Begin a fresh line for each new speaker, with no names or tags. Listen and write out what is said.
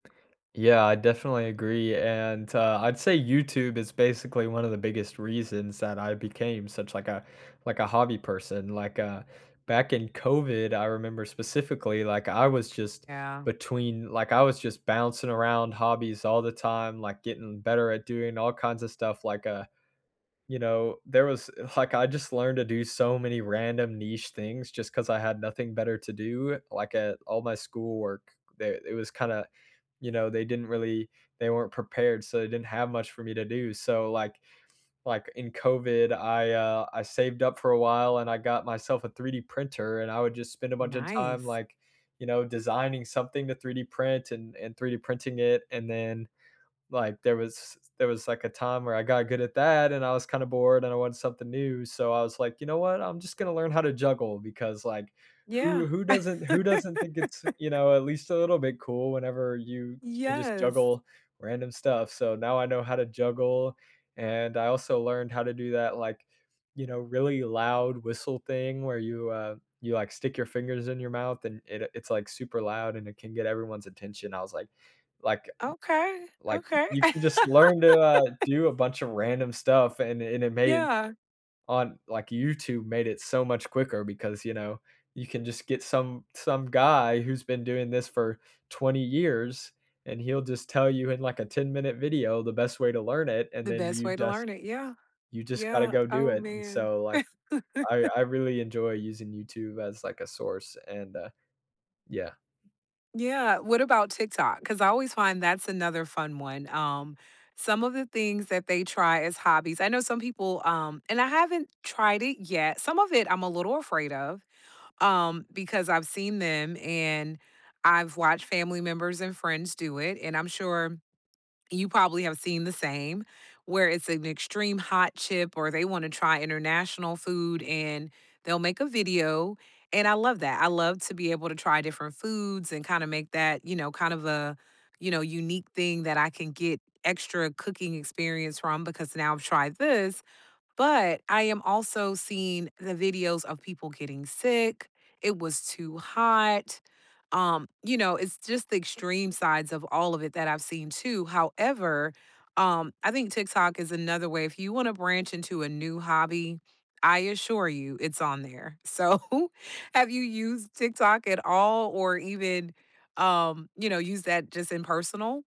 Yeah, I definitely agree, and, t uh, I'd say YouTube is basically one of the biggest reasons that I became such, like, a like, a hobby person, like, uh, back in COVID, I remember specifically, like, I was just
Yeah.
between, like I was just bouncing around hobbies all the time, like, getting better at doing all kinds of stuff, like, uh, you know, there was, e like, I just learned to do so many random niche things just 'cause I had nothing better to do, like, at all my schoolwork, eh, it was kinda, you know, they didn't really they weren't prepared, so they didn't have much for me to do, so, like like, in COVID, I, uh, I saved up for a while and I got myself a 3D printer and I would just spend a bunch of time,
Nice.
like, you know, designing something to 3D print and and 3D printing it, and then, like, there was there was, like, a time where I got good at that and I was kinda bored and I want something new, so I was like, “You know what? I'm just gonna learn how to juggle.” Because, like,
Yeah.
who who doesn't who doesn't think it's, you know, at least a little bit cool whenever you can just
Yes.
juggle random stuff, so now I know how to juggle, and I also learned how to do that, like, you know, really loud whistle thing where you, uh, you, like, stick your fingers in your mouth and it, uh, it's, like, super loud and it can get everyone's attention, I was, like like
Okay.
like,
Okay.
you can just learn to, uh, do a bunch of random stuff and it and it made
Yeah.
on, like, YouTube made it so much quicker because, you know, you can just get some some guy who's been doing this for 20 years, and he'll just tell you in, like, a ten-minute video the best way to learn it, and
The
then
best
you
way to
just
learn it, yeah.
you just gotta
Yeah,
go do
oh,
it, and
man.
so, like, I I really enjoy using YouTube as, like, a source, and, uh, yeah.
Yeah. What about TikTok? 'Cause I always find that's another fun one, um, some of the things that they try as hobbies I know some people, um and I haven't tried it yet some of it, I'm a little afraid of, um, because I've seen them, and I've watched family members and friends do it, and I'm sure you probably have seen the same. Where it's an extreme hot chip or they wanna try international food, and they'll make a video, and I love that, I love to be able to try different foods and kinda make that, you know, kind of a, you know, unique thing that I can get extra cooking experience from, because now I've tried this, but I am also seeing the videos of people getting sick, it was too hot, um, you know, it's just the extreme sides of all of it that I've seen too. However, um, I think TikTok is another way if you wanna branch into a new hobby, I assure you it's on there. So, have you used TikTok at all or even, um, you know, use that just in personal?